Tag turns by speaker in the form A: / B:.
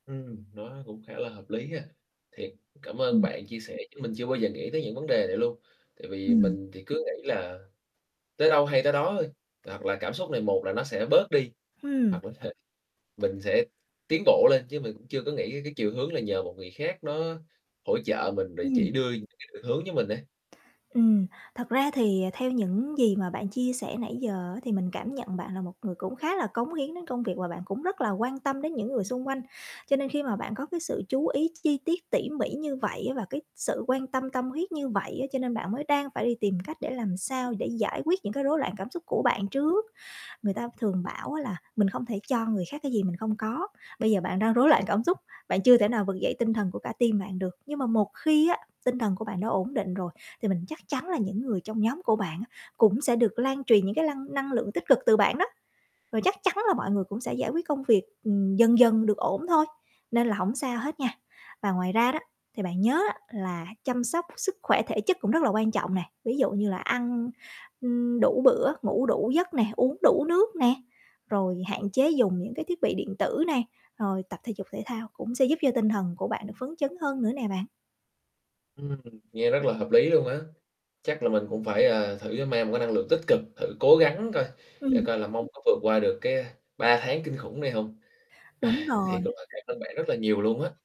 A: Ừm, nó cũng khá là hợp lý ha. Thiệt, cảm ơn
B: Ừm.
A: bạn chia sẻ, chứ mình chưa bao giờ nghĩ tới những vấn đề này luôn. Tại vì
B: Ừm.
A: mình thì cứ nghĩ là tới đâu hay tới đó thôi, hoặc là cảm xúc này một là nó sẽ bớt đi,
B: Ừm.
A: hoặc là th mình sẽ tiến bộ lên, chứ mình cũng chưa có nghĩ cái chiều hướng là nhờ một người khác đó hỗ trợ mình rồi
B: Ừm.
A: chỉ đưa những cái định hướng cho mình ấy.
B: Ừm, thật ra thì, ờ, theo những gì mà bạn chia sẻ nãy giờ á, thì mình cảm nhận bạn là một người cũng khá là cống hiến đến công việc và bạn cũng rất là quan tâm đến những người xung quanh. Cho nên khi mà bạn có cái sự chú ý chi tiết, tỉ mỉ như vậy á, và cái sự quan tâm, tâm huyết như vậy á, cho nên bạn mới đang phải đi tìm cách để làm sao để giải quyết những cái rối loạn cảm xúc của bạn trước. Người ta thường bảo á là mình không thể cho người khác cái gì mình không có. Bây giờ bạn đang rối loạn cảm xúc, bạn chưa thể nào vực dậy tinh thần của cả team bạn được, nhưng mà một khi á, tinh thần của bạn đã ổn định rồi thì mình chắc chắn là những người trong nhóm của bạn á cũng sẽ được lan truyền những cái lăng năng lượng tích cực từ bạn đó. Rồi chắc chắn là mọi người cũng sẽ giải quyết công việc, ừm, dần dần được ổn thôi, nên là hổng sao hết nha. Và ngoài ra đó, thì bạn nhớ á, là chăm sóc sức khỏe thể chất cũng rất là quan trọng nè. Ví dụ như là ăn, ừm, đủ bữa, ngủ đủ giấc nè, uống đủ nước nè, rồi hạn chế dùng những cái thiết bị điện tử nè, rồi tập thể dục thể thao cũng sẽ giúp cho tinh thần của bạn được phấn chấn hơn nữa nè bạn.
A: Ừm, nghe rất là hợp lý luôn á. Chắc là mình cũng phải, ờ, thử cho mang một cái năng lượng tích cực, thử cố gắng coi, để
B: Ừm.
A: coi là mong có vượt qua được, cái, a, 3 tháng kinh khủng này hông?
B: Đúng
A: Thiệt là
B: rồi.
A: mình cảm ơn bạn rất là nhiều luôn á.